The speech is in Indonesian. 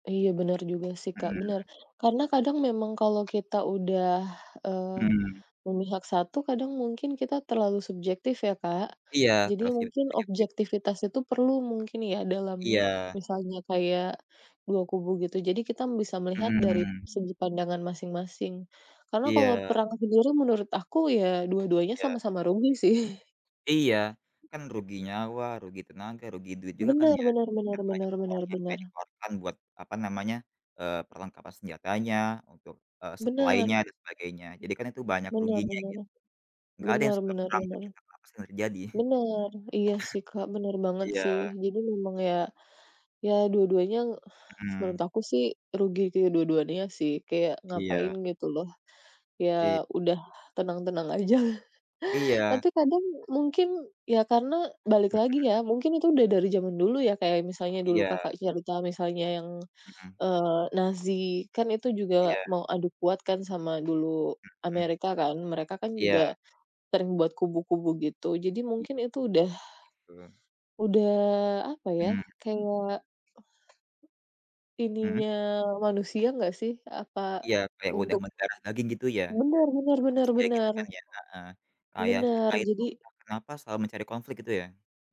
Iya benar juga sih, Kak, Mhm. benar. Karena kadang memang kalau kita udah, eee, Mhm. memihak 1 kadang mungkin kita terlalu subjektif ya, Kak. Iya. Jadi mungkin [unintelligible] objektivitas itu perlu mungkin ya, dalam m Iya misalnya kayak, 2 kubu gitu. Jadi kita m bisa melihat dari Mhm. segi pandangan masing-masing. Karena kalau Iya. perang sendiri, menurut aku ya, dua-duanya Iya. sama-sama rugi sih. Iya, kan rugi nyawa, rugi tenaga, rugi duit juga kan Benar ya? benar benar Dan banyak benar orang benar yang benar. jadi korban buat apa namanya, eee, perlengkapan senjatanya, untuk, eee, Benar. suplainya dan sebagainya. Jadi kan itu banyak ruginya Benar-benar, gitu, enggak ada yang suka perang benar-benar-benar. tapi entah kenapa sering terjadi. Benar. Iya sih, Kak, benar banget Iya. sih. Jadi memang ya, ya dua-duanya, menurut Mhm. aku sih rugi ke dua-duanya sih. Kayak ngapain Iya. gitu loh, Iya. ya udah tenang-tenang aja. Iya. Tapi kadang mungkin, ya karena balik Mhm lagi ya, mhm. mungkin itu udah dari zaman dulu, ya kayak misalnya dulu, Iya. Kakak cerita, misalnya yang, Mhm. eee, Nazi kan itu juga Iya. mau adu kuat kan sama dulu Mhm. Amerika kan. Mereka kan Iya. juga, sering buat kubu-kubu gitu. Jadi I mungkin itu udah, [unintelligible] udah apa ya, Mhm. kayak Mhm. ininya manusia enggak sih? Apa Iya kayak udah untuk mendarah daging gitu ya, Benar benar sama benar manusia gitu benar. kan ya, heeh, kayak Benar, kita itu jadi entah kenapa selalu mencari konflik gitu ya?